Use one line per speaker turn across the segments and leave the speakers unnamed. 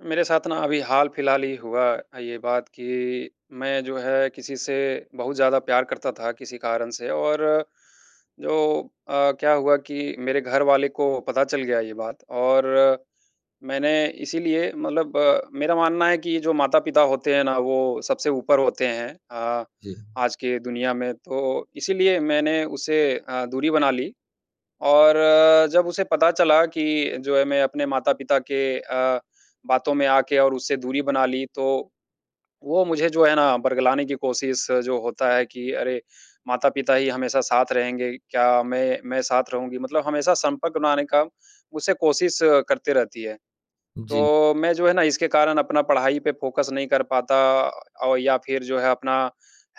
मेरे साथ ना अभी हाल-फिलहाल ही हुआ अ, ये बात कि मैं जो है किसी से बहुत ज़्यादा प्यार करता था किसी कारण से और जो अ, क्या हुआ कि मेरे घर वाले को पता चल गया ये बात और मैंने इसीलिए मतलब मेरा मानना है कि ये जो माता-पिता होते हैं ना वो सबसे ऊपर होते हैं अ,
जी।
आज के दुनिया में, तो इसीलिए मैंने उसे अ, दूरी बना ली। और जब उसे पता चला कि जो है मैं अपने माता-पिता के अ, बातों में आके और उससे दूरी बना ली तो, वो मुझे जो है ना बरगलाने की कोशिश जो होता है कि अरे माता-पिता ही हमेशा साथ रहेंगे क्या? मैं मैं साथ रहूँगी मतलब हमेशा संपर्क बनाने का उसे कोशिश करती रहती है।
जी।
तो मैं जो है ना इसके कारण अपना पढ़ाई पे फोकस नहीं कर पाता और या फिर जो है अपना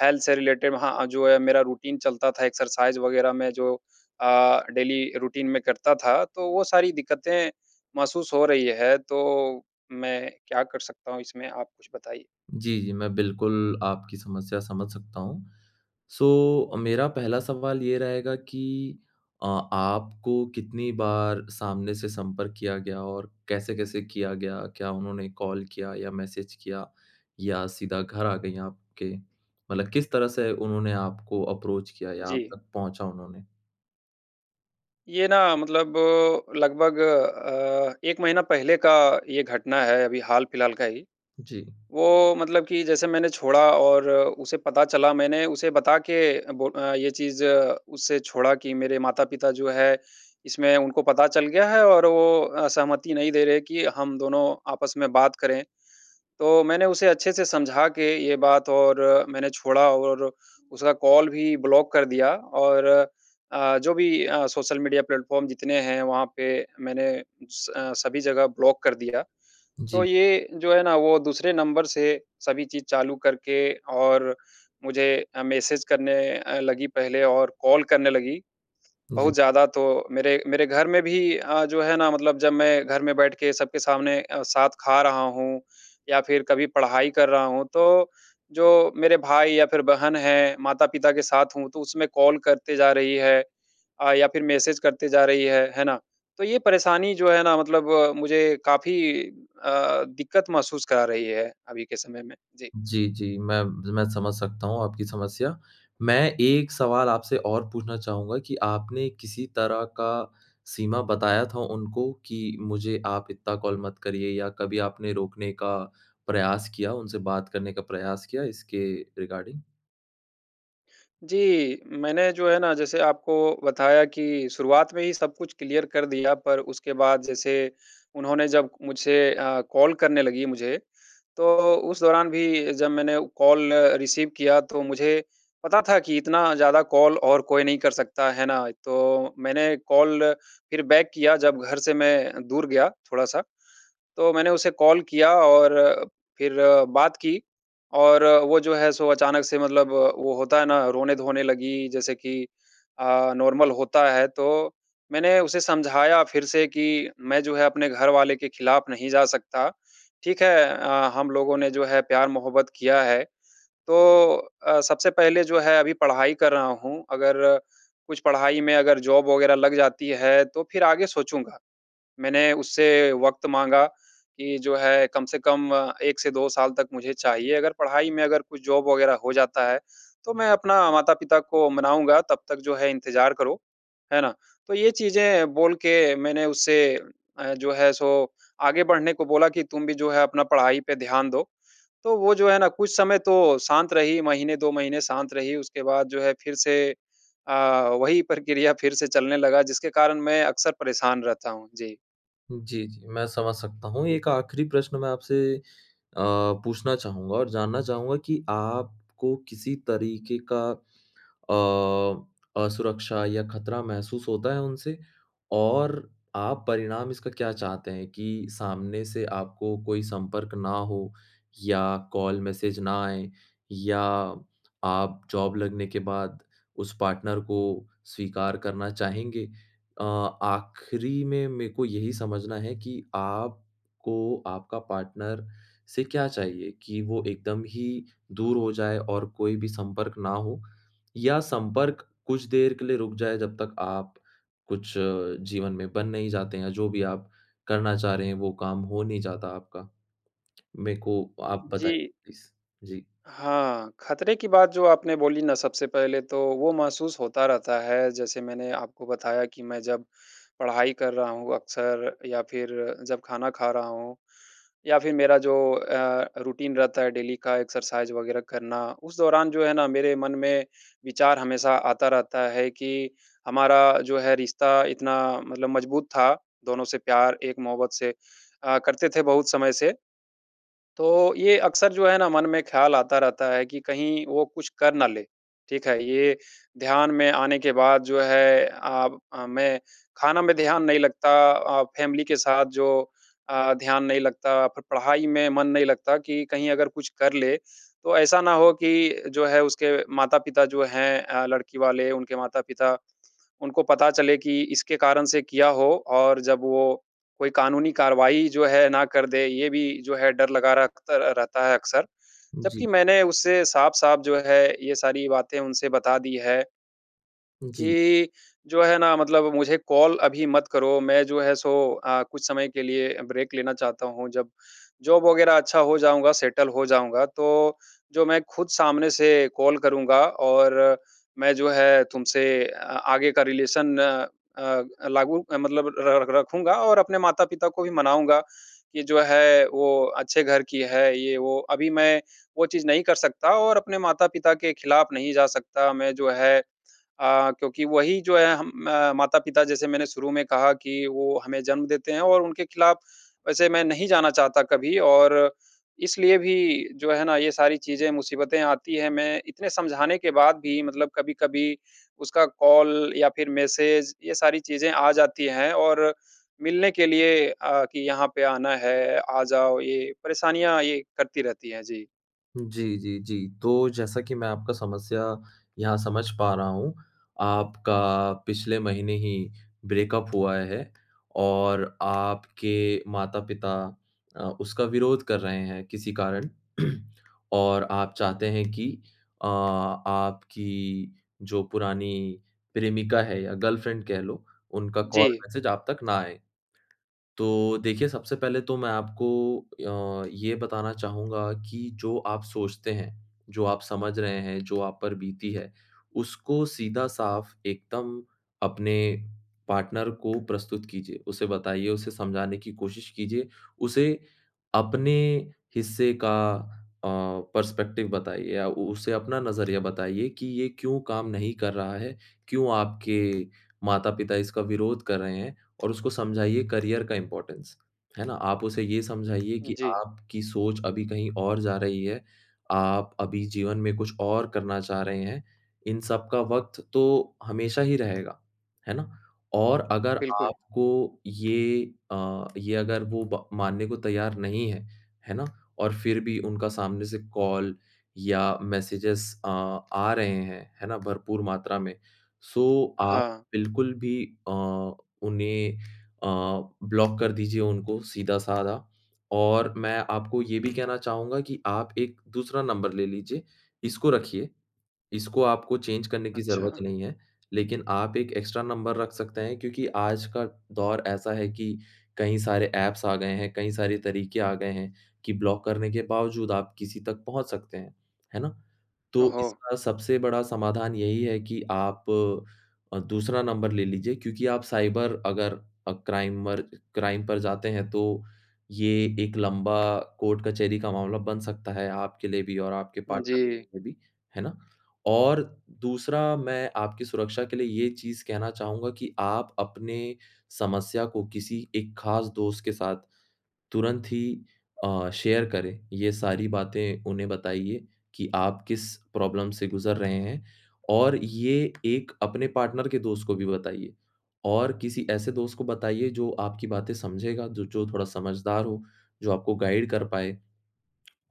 हेल्थ से रिलेटेड वहाँ अ, जो है मेरा रूटीन चलता था एक्सरसाइज़ वगैरह में जो अ, डेली रूटीन में करता था तो वो सारी दिक्कतें महसूस हो रही है। तो मैं क्या कर सकता हूँ? इसमें आप कुछ बताइए।
जी, जी, मैं बिल्कुल, आपकी समस्या समझ सकता हूँ। सो अ, मेरा पहला सवाल ये रहेगा कि अ, आपको कितनी बार सामने से संपर्क किया गया और कैसे-कैसे किया गया? क्या उन्होंने कॉल किया या मैसेज किया या सीधा घर आ गई आपके? मतलब किस तरह से उन्होंने आपको अप्रोच किया या आप
जी।
तक पहुँचा उन्होंने?
ये ना मतलब लगभग अ, 1 महीना पहले का ये घटना है अभी हाल फिलहाल का ही,
जी।
वो मतलब कि जैसे मैंने छोड़ा और उसे पता चला मैंने उसे बता के बो अ, ये चीज़ उसे छोड़ा कि मेरे माता-पिता जो है इसमें उनको पता चल गया है और वो अ, सहमति नहीं दे रहे कि हम दोनों आपस में बात करें। तो मैंने उसे अच्छे से समझा के ये बात और मैंने छोड़ा और उसका कॉल भी ब्लॉक कर दिया। और अ, जो भी अ, सोशल मीडिया प्लेटफॉर्म जितने हैं वहाँ पे मैंने स सभी जगह ब्लॉक कर दिया। तो
जी।
ये जो है ना वो दूसरे नंबर से सभी चीज़ चालू करके और मुझे अ, मैसेज करने अ, लगी पहले और कॉल करने लगी।
जी।
बहुत ज़्यादा तो मेरे, मेरे घर में भी अ, जो है ना मतलब जब मैं घर में बैठ के सबके सामने अ, साथ खा रहा हूँ या फिर कभी पढ़ाई कर रहा हूँ तो जो मेरे भाई या फिर बहन है, माता-पिता के साथ हूँ तो उसमें कॉल करते जा रही है। अ, या फिर मैसेज करते जा रही है। है ना? तो यह परेशानी जो है ना मतलब मुझे काफ़ी अ, दिक्कत महसूस करा रही है अभी के समय में। जी।
जी, जी, मैं, मैं समझ सकता हूँ आपकी समस्या। मैं एक सवाल आपसे और पूछना चाहूँगा कि आपने किसी तरह का सीमा बताया था उनको कि, मुझे आप इतना कॉल मत करिए? या कभी आपने रोकने का प्रयास किया, उनसे बात करने का प्रयास किया इसके रिगार्डिंग?
जी। मैंने जो है ना, जैसे आपको बताया कि शुरुआत में ही सब कुछ क्लियर कर दिया, पर उसके बाद, जैसे उन्होंने जब मुझसे अ, कॉल करने लगी मुझे, तो उस दौरान भी जब मैंने कॉल रिसीव किया, तो मुझे पता था कि इतना ज़्यादा कॉल और कोई नहीं कर सकता, है ना? तो मैंने कॉल फिर बैक किया, जब घर से मैं दूर गया थोड़ा-सा। तो मैंने उसे कॉल किया और फिर बात की और वो जो है, सो अचानक से मतलब वो होता है ना, रोने-धोने लगी, जैसे कि अ, नॉर्मल होता है, तो मैंने उसे समझाया फिर से कि, "मैं जो है, अपने घर वाले के ख़िलाफ़ नहीं जा सकता। ठीक है अ, हम लोगों ने जो है, प्यार-मोहब्बत किया है, तो अ, सबसे पहले जो है, अभी पढ़ाई कर रहा हूँ, अगर कुछ पढ़ाई में अगर जॉब वग़ैरह लग जाती है, तो फिर आगे सोचूँगा।" मैंने उससे वक़्त माँगा कि, "जो है, कम से कम 1 से 2 साल तक मुझे चाहिए, अगर पढ़ाई में अगर कुछ जॉब वग़ैरह हो जाता है, तो मैं अपना माता-पिता को मनाऊँगा, तब तक जो है, इंतज़ार करो।" है ना? तो ये चीज़ें बोल के मैंने उससे अ, जो है, सो आगे बढ़ने को बोला कि, "तुम भी जो है, अपना पढ़ाई पे ध्यान दो।" तो वो जो है ना, कुछ समय तो शांत रही, महीने, 2 महीने शांत रही, उसके बाद जो है, फिर से अ, वही प्रक्रिया फिर से चलने लगा, जिसके कारण मैं अक्सर परेशान रहता हूँ। जी।
जी, जी। मैं समझ सकता हूँ। एक आखिरी प्रश्न मैं आपसे अ, पूछना चाहूँगा और जानना चाहूँगा कि आपको किसी तरीके का अ, असुरक्षा या ख़तरा महसूस होता है उनसे और आप परिणाम इसका क्या चाहते हैं कि सामने से आपको कोई संपर्क ना हो या कॉल मैसेज ना आए या आप जॉब लगने के बाद उस पार्टनर को स्वीकार करना चाहेंगे? अ, आखिरी में, मैं को यही समझना है कि आपको आपका पार्टनर से क्या चाहिए, कि वो एकदम ही दूर हो जाए और कोई भी संपर्क ना हो, या संपर्क कुछ देर के लिए रुक जाए, जब तक आप कुछ जीवन में बन नहीं जाते हैं, जो भी आप करना चाह रहे हैं, वो काम हो नहीं जाता आपका? मैं को आप बताइए,
जी।
प्लीज़। जी।
हाँ, ख़तरे की बात जो आपने बोली ना, सबसे पहले तो वो महसूस होता रहता है। जैसे मैंने आपको बताया कि मैं जब पढ़ाई कर रहा हूँ अक्सर या फिर जब खाना खा रहा हूँ या फिर मेरा जो अ, रूटीन रहता है डेली का, एक्सरसाइज़ वग़ैरह करना, उस दौरान जो है ना, मेरे मन में विचार हमेशा आता रहता है कि हमारा जो है, रिश्ता इतना मतलब मज़बूत था, दोनों से प्यार एक मोहब्बत से अ, करते थे, बहुत समय से। तो ये अक्सर जो है ना, मन में ख्याल आता रहता है कि कहीं वो कुछ कर ना ले। ठीक है? ये ध्यान में आने के बाद जो है, आब अ, मैं खाना में ध्यान नहीं लगता अ, फ़ैमिली के साथ जो अ, ध्यान नहीं लगता, फिर पढ़ाई में मन नहीं लगता कि कहीं अगर कुछ कर ले, तो ऐसा ना हो कि जो है, उसके माता-पिता जो हैं अ, लड़की वाले, उनके माता-पिता, उनको पता चले कि इसके कारण से किया हो और जब वो कोई कानूनी कार्यवाही जो है, ना कर दें। ये भी जो है, डर लगा रखतर अ, रहता है अक्सर,
उजी।
जबकि मैंने उससे साफ-साफ जो है, ये सारी बातें उनसे बता दी हैं
जी।
कि, "जो है ना, मतलब मुझे कॉल अभी मत करो, मैं जो है, सो अ, कुछ समय के लिए ब्रेक लेना चाहता हूँ। जब जॉब वग़ैरह अच्छा हो जाऊँगा, सेटल हो जाऊँगा, तो जो मैं खुद सामने से कॉल करूँगा और मैं जो है, तुमसे आगे का रिलेशन अ, लागू अ, मतलब र र रखूँगा और अपने माता-पिता को भी मनाऊँगा कि जो है, वो अच्छे घर की है, ये वो। अभी मैं वो चीज़ नहीं कर सकता और अपने माता-पिता के खिलाफ़ नहीं जा सकता। मैं जो है अ, क्योंकि वही जो है, हम म माता-पिता, जैसे मैंने शुरू में कहा कि वो हमें जन्म देते हैं और उनके खिलाफ़ वैसे मैं नहीं जाना चाहता कभी।" और इसलिए भी जो है ना, ये सारी चीज़ें, मुसीबतें आती हैं। मैं इतने समझाने के बाद भी मतलब कभी-कभी उसका कॉल या फिर मैसेज, ये सारी चीज़ें आ जाती हैं और मिलने के लिए अ, कि, "यहाँ पे आना है, आ जाओ।" ये परेशानियाँ ये करती रहती हैं। जी।
जी, जी, जी। तो जैसा कि मैं आपका समस्या यहाँ समझ पा रहा हूँ, आपका पिछले महीने ही ब्रेकअप हुआ है और आपके माता-पिता अ, उसका विरोध कर रहे हैं, किसी कारण और आप चाहते हैं कि अ, आपकी जो पुरानी प्रेमिका है या गर्लफ्रेंड कह लो, उनका कॉल,
जी।
मैसेज आप तक ना आए। तो देखिए, सबसे पहले तो मैं आपको अ, ये बताना चाहूँगा कि जो आप सोचते हैं, जो आप समझ रहे हैं, जो आप पर बीती है, उसको सीधा-साफ एकदम अपने पार्टनर को प्रस्तुत कीजिए। उसे बताइए, उसे समझाने की कोशिश कीजिए, उसे अपने हिस्से का अ, पर्सपेक्टिव बताइए या उ उसे अपना नज़रिया बताइए कि ये क्यों काम नहीं कर रहा है, क्यों आपके माता-पिता इसका विरोध कर रहे हैं और उसको समझाइए करियर का इम्पोर्टेंस, है ना? आप उसे ये समझाइए कि
जी।
आपकी सोच अभी कहीं और जा रही है, आप अभी जीवन में कुछ और करना चाह रहे हैं। इन सब का वक़्त तो हमेशा ही रहेगा, है ना? और अगर
बिल्कुल।
आपको ये अ, ये अगर वो ब मानने को तैयार नहीं हैं, है ना? और फिर भी उनका सामने से कॉल या मैसेजेज़ अ, आ रहे हैं, है ना? भरपूर मात्रा में, सो आप
हाँ।
बिल्कुल भी अ, उन्हें अ, ब्लॉक कर दीजिए उनको, सीधा-साधा और मैं आपको ये भी कहना चाहूँगा कि आप एक दूसरा नंबर ले लीजिए, इसको रखिए। इसको आपको चेंज करने की ज़रूरत
अच्छा।
नहीं है, लेकिन आप एक एक्स्ट्रा नंबर रख सकते हैं क्योंकि आज का दौर ऐसा है कि, कई सारे एप्स आ गए हैं, कई सारे तरीके आ गए हैं कि ब्लॉक करने के बावजूद आप किसी तक पहुँच सकते हैं। है ना? तो
ओहो!
इसका सबसे बड़ा समाधान यही है कि आप अ, दूसरा नंबर ले लीजिए क्योंकि आप साइबर अगर अ, क्राइमर क्राइम पर जाते हैं, तो ये एक लंबा कोर्ट-कचहरी का मामला बन सकता है, आपके लिए भी और आपके पार्टनर
जी।
के लिए भी। है ना? और दूसरा, मैं आपकी सुरक्षा के लिए ये चीज़ कहना चाहूँगा कि आप अपने समस्या को किसी एक ख़ास दोस्त के साथ तुरंत ही अ, शेयर करें, ये सारी बातें उन्हें बताइए कि आप किस प्रॉब्लम से गुज़र रहे हैं और ये एक अपने पार्टनर के दोस्त को भी बताइए और किसी ऐसे दोस्त को बताइए, जो आपकी बातें समझेगा, जो जो थोड़ा समझदार हो, जो आपको गाइड कर पाए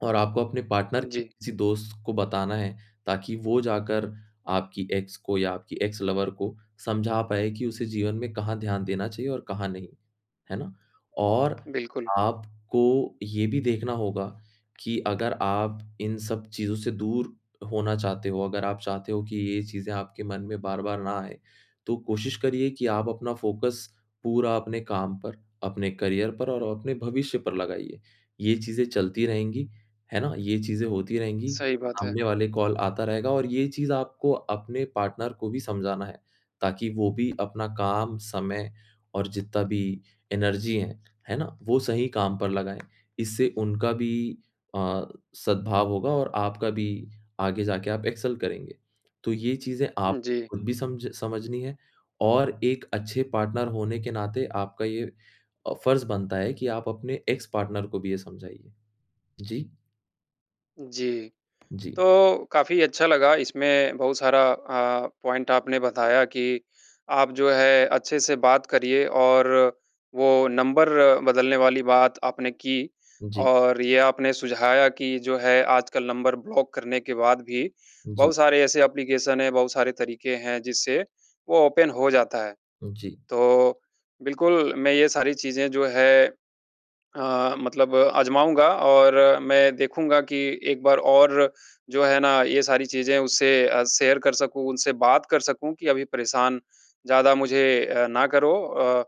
और आपको अपने पार्टनर के
जी।
किसी दोस्त को बताना है, ताकि वो जाकर आपकी एक्स को या आपकी एक्स लवर को समझा पाए कि उसे जीवन में कहाँ ध्यान देना चाहिए और कहाँ नहीं। है ना? और
बिल्कुल।
आपको ये भी देखना होगा कि अगर आप इन सब चीज़ों से दूर होना चाहते हो, अगर आप चाहते हो कि ये चीज़ें आपके मन में बार-बार ना आए, तो कोशिश करिए कि आप अपना फ़ोकस पूरा अपने काम पर, अपने करियर पर और अपने भविष्य पर लगाइए। ये चीज़ें चलती रहेंगी, है ना? ये चीज़ें होती रहेंगी,
सही बात है।
सामने वाले का कॉल आता रहेगा और ये चीज़ आपको अपने पार्टनर को भी समझाना है, ताकि वो भी अपना काम, समय और जितना भी एनर्जी है, है ना? वो सही काम पर लगाएँ। इससे उनका भी अ, सद्भाव होगा और आपका भी, आगे जाके आप एक्सेल करेंगे। तो ये चीज़ें आप
उ, जी।
खुद भी सम्झ समझनी है और एक अच्छे पार्टनर होने के नाते आपका ये अ, फर्ज़ बनता है कि आप अपने एक्स पार्टनर को भी ये समझाइए। जी।
जी।
जी।
तो काफ़ी अच्छा लगा इसमें बहुत सारा अ, पॉइंट आपने बताया कि आप जो है, अच्छे से बात करिए और वो नंबर बदलने वाली बात आपने की,
जी।
और ये आपने सुझाया कि जो है आजकल नंबर ब्लॉक करने के बाद भी
जी।
बहुत सारे ऐसे एप्लीकेशन है, बहुत सारे तरीके हैं जिससे वो ओपन हो जाता है।
जी।
तो बिल्कुल, मैं ये सारी चीज़ें जो है अ, मतलब अजमाऊँगा और मैं देखूँगा कि एक बार और जो हैं ना ये सारी चीजें उससे अ, शेयर कर सकूँ, उनसे बात कर सकूँ कि अभी परेशान ज्यादा मुझे अ, ना करो अ,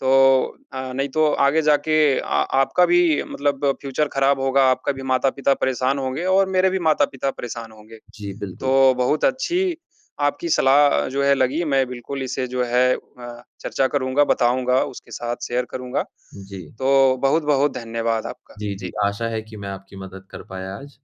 तो अ, नहीं तो आगे जाके अ, आपका भी मतलब फ्यूचर ख़राब होगा, आपका भी माता-पिता परेशान होंगे और मेरे भी माता-पिता परेशान होंगे।
जी, बिल्कुल।
तो बहुत अच्छी आपकी सलाह अ, जो है लगी मैं बिल्कुल इसे जो है अ, चर्चा करूँगा बताऊँगा उसके साथ शेयर करूँगा।
जी।
तो बहुत-बहुत धन्यवाद आपका।
जी, जी,
जी।
आशा है कि मैं आपकी मदद कर पाया आज।